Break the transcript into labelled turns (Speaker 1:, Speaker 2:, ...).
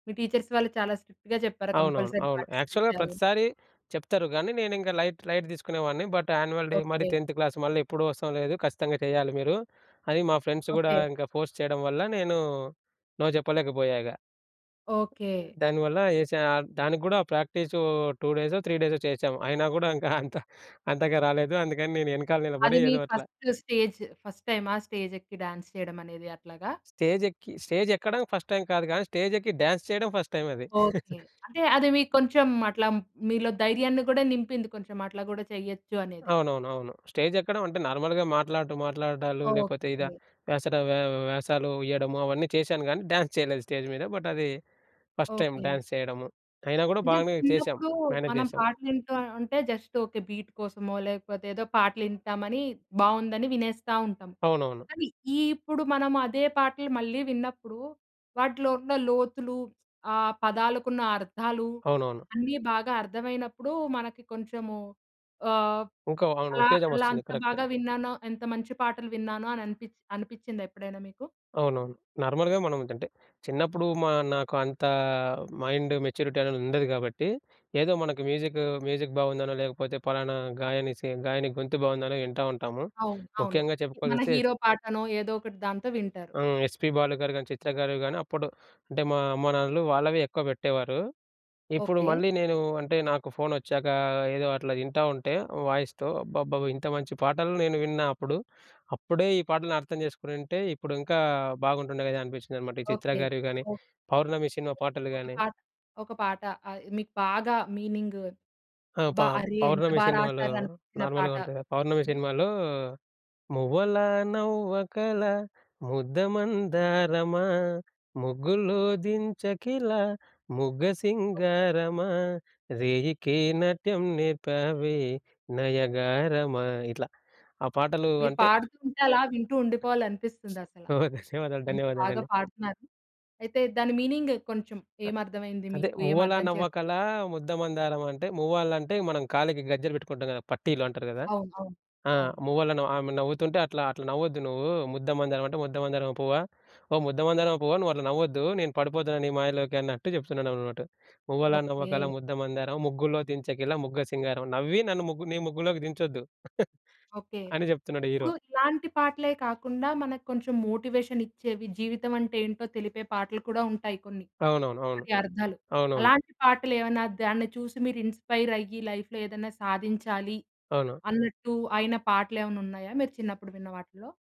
Speaker 1: మీ teachers వాళ్ళు చాలా స్ట్రిక్ట్‌గా చెప్పారా!
Speaker 2: అవునవును.
Speaker 1: కంపల్సరీ
Speaker 2: అవును.
Speaker 1: పార్టిసిపేట్
Speaker 2: యాక్చువల్‌గా
Speaker 1: చేయాలని?
Speaker 2: ప్రతిసారీ చెప్తరు, కానీ నేనింకా లైట్, లైట్ తీసుకునే వాణ్ణి. బట్ యాన్యువల్ డే మరి
Speaker 1: ఓకే.
Speaker 2: 10 క్లాస్ మళ్ళీ ఎప్పుడూ వస్తాం లేదు ఖచ్చితంగా చేయాలి మీరు, అని మా ఫ్రెండ్స్ కూడా
Speaker 1: ఓకే.
Speaker 2: ఇంకా ఫోర్స్ చేయడం వల్ల నేను నో చెప్పలేకపోయా ఇగ.
Speaker 1: ఓకే.
Speaker 2: దానివల్ల ఏస దానికి కూడా ప్రాక్టీస్ 2 డేసొ, 3 డేసొ చేశాం. అయినా కూడా ఇంకా అంత అంతగా రాలేదు. అందుకని నేను వెనకాల నిలబడి
Speaker 1: అది మీ
Speaker 2: ఏదో అట్లా.
Speaker 1: ఫస్ట్ స్టేజ్, ఫస్ట్ టైమా? స్టేజ్ ఎక్కి డాన్స్ చేయడం అనేది అట్లాగా?
Speaker 2: స్టేజ్ ఎక్కి, స్టేజ్ ఎక్కడం ఫస్ట్ టైమ్ కాదు కానీ, స్టేజ్ ఎక్కి డాన్స్ చేయడం ఫస్ట్ టైమ్ అది.
Speaker 1: ఓకే. అంటే అది మీకు కొంచెం అట్లా మీలో ధైర్యాన్ని కూడా నింపింది కొంచెం అట్లా కూడా చేయొచ్చు అనేది.
Speaker 2: అవునవును. అవును. స్టేజ్ ఎక్కడం అంటే నార్మల్‌గా మాట్లాడుతూ మాట్లాడడాలు, లేకపోతే ఇగ,
Speaker 1: ఓకే.
Speaker 2: వేసట వే వేషాలు ఇయ్యడము అవన్నీ చేశాను. కానీ డ్యాన్స్ చేయలేదు స్టేజ్ మీద. బట్ అది ఫస్ట్ టైమ్
Speaker 1: ఓకే.
Speaker 2: డ్యాన్స్ చేయడము. అయినా కూడా
Speaker 1: అంటే
Speaker 2: బాగానే చేశాం.
Speaker 1: చిన్నప్పుడు
Speaker 2: మేనేజ్
Speaker 1: మనం
Speaker 2: చేశాం.
Speaker 1: పాటలు వింటా ఉంటే జస్ట్ ఒక బీట్ కోసమో లేకపోతే ఏదో పాటలు వింటామని బాగుందని వినేస్తా ఉంటాం.
Speaker 2: అవునవును.
Speaker 1: కానీ ఈ ఇప్పుడు మనం అదే పాటలు మళ్ళీ విన్నప్పుడు, వాటిలో ఉన్న లోతులు ఆహ్, పదాలకున్న అర్థాలు,
Speaker 2: అవునవును.
Speaker 1: అన్నీ బాగా అర్థమైనప్పుడు మనకి కొంచెము ఆహ్,
Speaker 2: ఇంకా అవును.
Speaker 1: అలా
Speaker 2: ఉత్తేజం
Speaker 1: అలా
Speaker 2: వస్తుంది
Speaker 1: అంత
Speaker 2: కరక్టే.
Speaker 1: బాగా విన్నానో! ఎంత మంచి పాటలు విన్నానో! అనిపి అనిపిచ్చిందా ఎప్పుడైనా మీకు?
Speaker 2: అవునవును. నార్మల్‌గా మనం అంటే, చిన్నప్పుడు మా నాకు అంత మైండ్ మెచ్యూరిటీ అనేది ఉండదు కాబట్టి. ఏదో మనకు మ్యూజిక్, మ్యూజిక్ బాగుందనో లేకపోతే పలానా గాయని, సీ గాయని గొంతు బాగుందనో వింటా ఉంటాము.
Speaker 1: అవును. అవును.
Speaker 2: ముఖ్యంగా
Speaker 1: మన
Speaker 2: చెప్పుకోవాల్సిసొస్తే
Speaker 1: హీరో పాటనో ఏదో ఒకటి దాంతో వింటారు.
Speaker 2: ఆ! ఎస్పీ బాలు గారు కానీ, చిత్ర గారు కానీ అప్పుడు అంటే మా అమ్మానాన్నలు వాళ్ళవి ఎక్కువ పెట్టేవారు. ఇప్పుడు
Speaker 1: ఓకే.
Speaker 2: మళ్ళీ నేను అంటే నాకు ఫోన్ వచ్చాక, ఏదో అట్లా వింటా ఉంటే వాయిస్‌తో అబ్బబ్బబో ఇంత మంచి పాటలు నేను విన్నా అప్పుడు. అప్పుడే ఈ పాటలను అర్థం చేసుకునుంటే ఇప్పుడు ఇంకా బాగుంటుండే కదా! అనిపించిందన్నమాట. ఈ చిత్ర
Speaker 1: ఓకే.
Speaker 2: గారివి గానీ, పౌర్ణమి సినిమా పాటలు
Speaker 1: ఒక
Speaker 2: గాని.
Speaker 1: పాట, ఒక పాట మీకు బాగా మీనింగ్
Speaker 2: ఆ! ప
Speaker 1: బ అరె ఎంత
Speaker 2: పౌర్ణమి
Speaker 1: బాగా
Speaker 2: సినిమాలో
Speaker 1: రాసారు, అనిపించిన
Speaker 2: నార్మల్‌గా
Speaker 1: పాట
Speaker 2: ఉంటది కదా!
Speaker 1: ఒకటి
Speaker 2: పౌర్ణమి
Speaker 1: చెప్పండి.
Speaker 2: సినిమాలో మువ్వలా నవ్వకల ముద్దమందారమా, ముగ్గులో దించకిల ముగ్గ
Speaker 1: ఓకే.
Speaker 2: సింగారమా, రేయికే నాట్యం నేర్పావే నయగారమా, ఇట్లా ఆహ్, పాటలు
Speaker 1: మీరు
Speaker 2: అంటే
Speaker 1: పాడుతూ ఉంటే అలా వింటూ ఉండిపోవాలి అనిపిస్తుంది అసల.
Speaker 2: ఓహ్! ధన్యవాదాలు,
Speaker 1: అంత బాగా
Speaker 2: ధన్యవాదాలండి.
Speaker 1: పాడుతున్నారు. అయితే దాని మీనింగ్ కొంచెం ఏమి అర్థమైంది
Speaker 2: అదే
Speaker 1: మీకు? ఏమి
Speaker 2: మువ్వలా
Speaker 1: అర్థం
Speaker 2: నవ్వకల
Speaker 1: చేసుకున్నారు?
Speaker 2: ముద్దమందారం అంటే మువ్వాలంటే మనం కాలికి గజ్జెలు పెట్టుకుంటాం కదా! పట్టీలు అంటారు కదా!
Speaker 1: అవును. అవును.
Speaker 2: ఆహ్,
Speaker 1: అవును.
Speaker 2: మువ్వలను ఆమె నవ్వుతుంటే అట్లా, అట్లా నవ్వద్దు నువ్వు. ముద్దమందారం అంటే "ముద్దమందారం పువ్వా, ఓ ముద్దమందారం పువ్వా నువ్వుట్లా నవ్వొద్దు, నేను పడిపోతున్నా నీ మాయలోకి" అన్నట్టు చెప్తున్నాడన్నట్టు. "మువ్వలా నవ్వకల
Speaker 1: ఓకే.
Speaker 2: ముద్దమందారం, ముగ్గులో దించకలా ముగ్గ సింగారం నవ్వి నన్ను ముగ్గు నీ ముగ్గులోకి దించొద్దు."
Speaker 1: ఓకే.
Speaker 2: అని చెప్తున్నాడు హీరో.
Speaker 1: ఇప్పుడు ఇలాంటి పాటలే కాకుండా మనకు కొంచెం మోటివేషన్ ఇచ్చేవి, జీవితం అంటే ఏంటో తెలిపే పాటలు కూడా ఉంటాయి కొన్ని.
Speaker 2: అవునవును. అవును.
Speaker 1: వాటి అర్థాలు,
Speaker 2: అవునవును.
Speaker 1: అలాంటి పాటలు ఏమన్నా దాన్ని చూసి మీరు ఇన్‌స్పైర్ అయ్యి, లైఫ్‌లో ఏదైనా సాధించాలి
Speaker 2: అవును.
Speaker 1: అన్నట్టు అయిన పాటలు ఏమన్నా ఉన్నాయా? మీరు చిన్నప్పుడు విన్న వాటిలో?